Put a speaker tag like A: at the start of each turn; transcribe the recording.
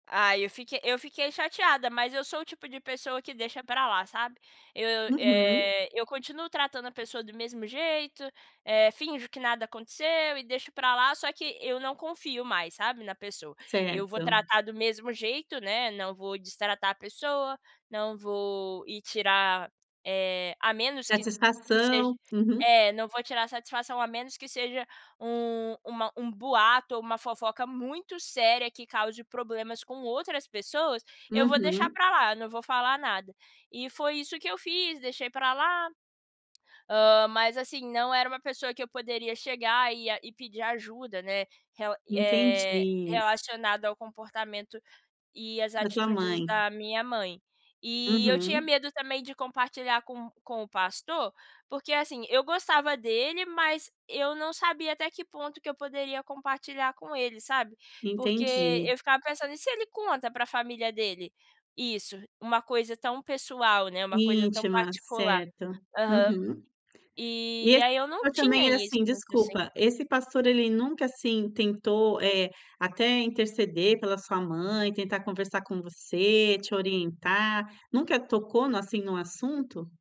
A: Ai, eu fique eu fiquei chateada, mas eu sou o tipo de pessoa que deixa pra lá, sabe. Eu,
B: Uhum.
A: eh, eu continuo tratando a pessoa do mesmo jeito, eh, finjo que nada aconteceu e deixo pra lá, só que eu não confio mais, sabe, na pessoa. Eu vou
B: Certo.
A: tratar do mesmo jeito, né, não vou destratar a pessoa, não vou ir tirar eh, a menos que seja
B: Satisfação, uhum.
A: É, não vou tirar satisfação, a menos que seja um uma um boato ou uma fofoca muito séria, que cause problemas com outras pessoas, eu vou deixar
B: Uhum.
A: pra lá, eu não vou falar nada. E foi isso que eu fiz, deixei pra lá, hã, mas assim, não era uma pessoa que eu poderia chegar e ia e pedir ajuda, né. Rela e eh,
B: Entendi.
A: relacionado ao comportamento e às
B: Da tua
A: atitudes
B: mãe?
A: da minha mãe. E eu tinha
B: Uhum.
A: medo também de compartilhar com com o pastor, porque, assim, eu gostava dele, mas eu não sabia até que ponto que eu poderia compartilhar com ele, sabe. Porque
B: Entendi.
A: eu ficava pensando: "E se ele conta pra família dele isso, uma coisa tão pessoal, né, uma coisa tão
B: Íntima,
A: particular.".
B: certo.
A: Aham.
B: Uhum. E
A: E
B: esse
A: aí eu não
B: pastor
A: tinha
B: também é
A: isso,
B: assim,
A: porque eu sem
B: desculpa, esse pastor ele nunca, assim, tentou, eh, até interceder pela sua mãe, tentar conversar com você, te orientar, nunca tocou no assim, no assunto?